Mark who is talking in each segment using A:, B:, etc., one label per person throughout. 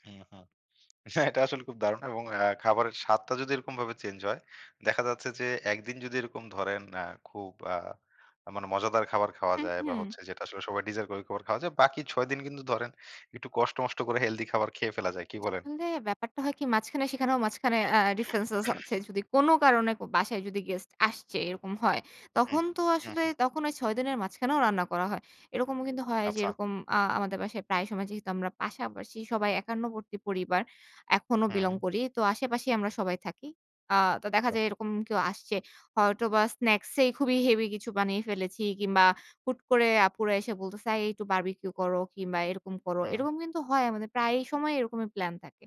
A: হ্যা, হা, হ্যাঁ, এটা আসলে খুব দারুণ এবং আ খাবারের স্বাদটা যদি এরকমভাবে চেঞ্জ হয়, দেখা যাচ্ছে যে, একদিন যদি এরকম ধরেন আ খুব আ মানে মজাদার খাবার খাওয়া
B: হুম,
A: যায়, এবং
B: হুম।
A: হচ্ছে যেটা আসলে সবাই ডিজার্ভ ঐ খাবার খাওয়া যায় বাকি ৬ দিন কিন্তু ধরেন, একটু কষ্ট মষ্ট করে হেলথি খাবার খেয়ে ফেলা যায়। কি বলেন?
B: তবে ব্যাপারটা হয় কি, মাঝখানে সেখানেও মাঝখানে আ ডিফারেনসেস আছে। যদি কোন কারণে, কো বাসায় যদি গেস্ট আসছে, এরকম হয়।
A: হুম।
B: তখন তো
A: হুম,
B: আসলে,
A: হুম।
B: তখন ওই ৬ দিনের মাঝখানেও রান্না করা হয়। এরকমও কিন্তু হয় যে
A: আচ্ছা।
B: এরকম আ আমাদের বাসায় প্রায় সময় যেহেতু আমরা পাশাপাশি সবাই একান্নবর্তী পরিবার, এখনো বিলং
A: হুম।
B: করি। তো, আশেপাশেই আমরা সবাই থাকি। আ তো দেখা
A: বাহ!
B: যায়, এরকম কেউ আসছে। হয়তো বা স্নাকস এই খুবই হেভি কিছু বানিয়ে ফেলেছি কিংবা হুট করে আপুরা এসে বলতেছে, এই একটু বারবিকিউ করো কিংবা এরকম করো।
A: হুম।
B: এরকম কিন্তু হয় আমাদের। প্রায় সময় এরকমই প্লান থাকে।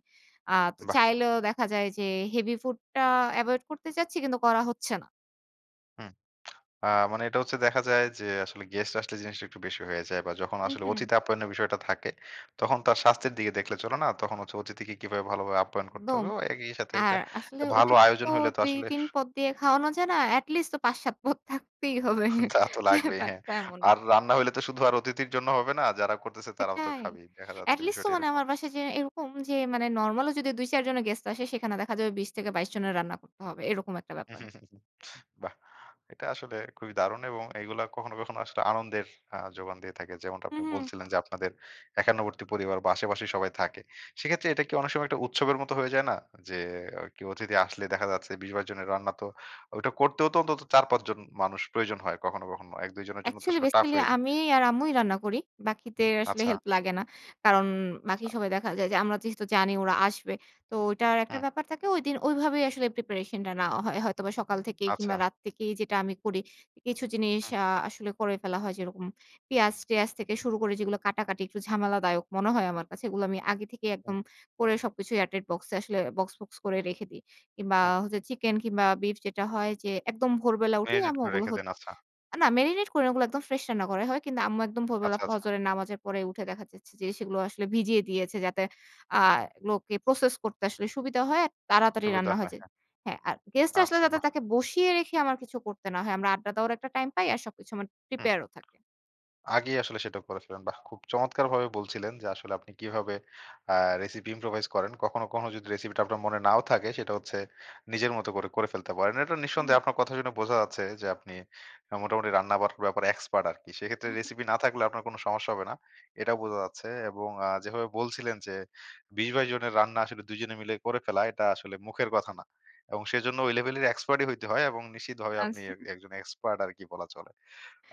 B: আ তো
A: বাহ।
B: চাইলেও দেখা যায় যে, হেভি ফুডটা এভয়েড করতে চাচ্ছি, কিন্তু করা হচ্ছে না।
A: হুম। আ মানে, এটা হচ্ছে দেখা যায় যে, আসলে গেস্ট আসলে, জিনিসটা একটু বেশি হয়ে যায়, বা যখন
B: হুম,
A: আসলে
B: হুম।
A: অতিথি আপ্যায়নের বিষয়টা থাকে, তখন তার স্বাস্থ্যের দিকে দেখলে চলে না। তখন হচ্ছে, অতিথিকে কিভাবে ভালোভাবে আপ্যায়ন করতে
B: দম
A: হবে। ও একই সাথে, একটা
B: আর আসলে
A: ভালো
B: ওদেরকে
A: আয়োজন
B: তো
A: হইলে তো আসলে
B: ২-৩ পদ দিয়ে খাওয়ানো যায় না। এট লিস্ট তো ৫-৭ পদ থাকতেই হবে
A: তা তো লাগবেই, হ্যাঁ
B: ব্যাপারটা এমন।
A: আর, রান্না হইলে তো শুধু আর অতিথির জন্য হবে না। যারা করতেছে, তারাও তো
B: সেটাই।
A: খাবেই। দেখা যাচ্ছে,
B: এট লিস্ট তো
A: বিষয়টা
B: মানে,
A: এরকম।
B: আমার বাসায় যে এরকম যে, নরমাল ও যদি ২-৪ জনের গেস্ট আসে, সেখানে দেখা যাবে ২০ থেকে ২২ জনের রান্না করতে হবে। এরকম একটা ব্যাপার।
A: [unintelligible] বাহ! এটা আসলে খুবই দারুণ এবং এগুলা কখনো কখনো আসলে, আনন্দের আ যোগান দিয়ে থাকে। যেমনটা আপনি
B: হুম, হুম।
A: বলছিলেন যে, আপনাদের একান্নবর্তী পরিবার, বা আশে পাশেই সবাই থাকে। সেক্ষেত্রে এটা কি অনেক সময়, একটা উৎসবের মত, হয়ে যায় না? যে কেও অতিথি আসলে দেখা যাচ্ছে ২০-২২ জনের রান্না তো, ওইটা করতেও তো অন্তত, ৪-৫ জন মানুষ প্রয়োজন হয় কখনো কখনো। ১-২ জনের জন্য তো
B: অ্যাকচুয়ালি,
A: আসলে টাফ
B: বেসিক্যালি
A: হয়ে যায়।
B: আমি আর আম্মুই রান্না করি। বাকিদের আসলে,
A: আচ্ছা।
B: হেল্প লাগে না। কারণ, বাকি
A: আচ্ছা।
B: সবাই দেখা যায় যে, আমরা যেহেতু জানি ওরা আসবে। তো ঐটা একটা
A: হুম।
B: ব্যাপার থাকে। ঐদিন ঐভাবেই আসলে প্রিপারেশন টা নেওয়া হয়। হয়তোবা সকাল থেকেই,
A: আচ্ছা।
B: কিংবা রাত থেকেই যেটা আমি করি, কিছু জিনিস
A: হুম।
B: আ আসলে করে ফেলা হয়। যেরকম, পেঁয়াজ-টেয়াজ থেকে শুরু করে, যেগুলো কাটাকাটি, একটু ঝামেলাদায়ক মনে হয়, আমার কাছে। এগুলো আমি আগে থেকেই
A: হুম।
B: একদম করে, সবকিছুই এয়ার টাইট বক্স এ আসলে বক্স, বক্স, করে রেখে দেই। কিংবা,
A: হুম।
B: চিকেন কিংবা বিফ যেটা হয় যে, একদম ভোরবেলা উঠেই
A: মেরিনেট
B: আম্মু
A: করে
B: ওগুলো
A: রেখে
B: হ
A: দেন, আচ্ছা।
B: না, মেরিনেট করে না ওগুলো, একদম ফ্রেশ রান্না করাই হয়। কিন্তু আম্মু একদম ভোরবেলা
A: আচ্ছা, আচ্ছা।
B: ফজরের নামাজের পরে উঠে দেখা যাচ্ছে যে, সেগুলো আসলে ভিজিয়ে দিয়েছে, যাতে আ এগুলোকে প্রসেস করতে আসলে সুবিধা হয়। আর তাড়াতাড়ি
A: সুবিধা
B: রান্না হয়ে
A: হয়,
B: যায়।
A: হ্যাঁ।
B: হ্যাঁ, আর গেস্ট আসলে
A: আচ্ছা,
B: যাতে
A: বাহ।
B: তাকে বসিয়ে রেখে আমার কিছু করতে না হয়। আমরা আড্ডা দেওয়ার একটা টাইম পাই, আর সবকিছু আমার
A: হুম।
B: প্রিপেয়ার ও থাকে।
A: আগেই আসলে সেটা করে ফেলেন। বাহ! খুব চমৎকারভাবে বলছিলেন যে, আসলে আপনি কিভাবে আ রেসিপি ইম্প্রোভাইজ করেন। কখনো, কোনো যদি রেসিপিটা আপনার মনে নাও থাকে, সেটা হচ্ছে, নিজের মতো করে ফেলতে পারেন। এটা
B: হুম।
A: নিঃসন্দেহে আপনার কথা শুনে বোঝা যাচ্ছে যে, আপনি আ মোটামুটি রান্না-বার ব্যাপারে এক্সপার্ট আরকি। সেক্ষেত্রে,
B: হু, হুম।
A: রেসিপি না থাকলেও আপনার কোন সমস্যা হবে না। এটাও বোঝা যাচ্ছে। এবং আ যেভাবে বলছিলেন যে, ২০-২২ জনের রান্না আসলে, ২ জনে মিলে করে ফেলা, এটা আসলে মুখের কথা না। এবং সেজন্য ওই লেভেলের এক্সপার্টই হইতে হয় এবং নিশ্চিতভাবে আপনি এ
B: আচ্ছা।
A: একজন এক্সপার্ট আরকি, বলা চলে।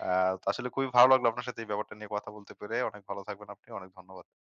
A: আ তো আসলে খুবই ভালো লাগলো আপনার সাথে এই ব্যাপারটা নিয়ে কথা বলতে পেরে। অনেক ভালো থাকবেন আপনি। অনেক ধন্যবাদ।